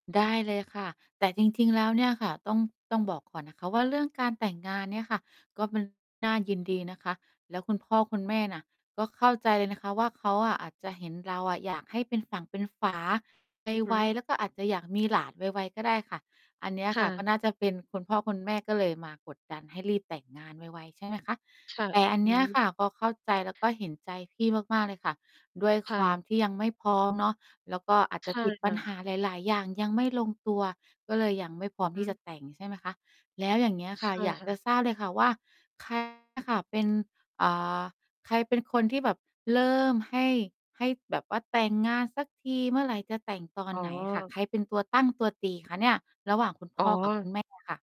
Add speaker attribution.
Speaker 1: ได้เลยค่ะ แต่จริง ๆ แล้วเนี่ยค่ะ ต้อง ต้องบอกก่อนนะคะว่า เรื่องการแต่งงานเนี่ยค่ะ ก็ เป็น น่ายินดีนะคะ แล้วคุณพ่อคุณแม่น่ะ ก็เข้าใจเลยนะคะว่า เขาอะอาจจะเห็นเราอะอยากให้เป็นฝั่งเป็นฝา
Speaker 2: อือฮ
Speaker 1: ไว
Speaker 2: ึ
Speaker 1: ๆ แล้วก็อาจจะอยากมีหลานไว ๆ ก็ได้ค่ะ อันเนี้ย
Speaker 2: ค
Speaker 1: ค
Speaker 2: ่
Speaker 1: ่ะ ก
Speaker 2: ะ
Speaker 1: ็น่าจะเป็น คุณพ่อคุณแม่ก็เลยมากดดันให้รีบแต่งงานไว ๆ ใช่ไหมคะ?
Speaker 2: ค่ะ
Speaker 1: แต่อัน
Speaker 2: อ
Speaker 1: เ
Speaker 2: ื
Speaker 1: นี้ย
Speaker 2: ม
Speaker 1: ค่ะ ก็เข้าใจแล้วก็เห็นใจพี่มาก ๆ เลยค่ะ ด้วย
Speaker 2: ค
Speaker 1: ค
Speaker 2: ่
Speaker 1: วา
Speaker 2: ะ
Speaker 1: มที่ยังไม่พร้อม เนาะ แล้วก็อาจ
Speaker 2: ใช
Speaker 1: จะ
Speaker 2: ่
Speaker 1: ติด
Speaker 2: ค
Speaker 1: ปั
Speaker 2: ่
Speaker 1: ญ
Speaker 2: ะ
Speaker 1: หาหลาย ๆ อย่างยังไม่ลงตัว ก็เลยยังไม่พร้อม
Speaker 2: อื
Speaker 1: ที่
Speaker 2: ม
Speaker 1: จะแต่ง ใช่ไหมคะ? แล้วอย่างเงี้ยค
Speaker 2: ใช
Speaker 1: ่ะ
Speaker 2: ่
Speaker 1: อยาก
Speaker 2: ค่
Speaker 1: จ
Speaker 2: ะ
Speaker 1: ะทราบเลยค่ะว่า ใครเนี่ย ค่ะ เป็น อ่า ใครเป็นคนที่แบบเริ่มให้ ให้แบบว่าแต่งงานสักที เมื่อไรจะแต่ง ตอน
Speaker 2: อ๋อ
Speaker 1: ไหนอะค่ะ ใครเป็นตัวตั้งตัวตีคะเนี่ย ระหว่างคุณพ
Speaker 2: อ๋
Speaker 1: ่อกับคุณ
Speaker 2: อ
Speaker 1: แม่อะ ค่ะ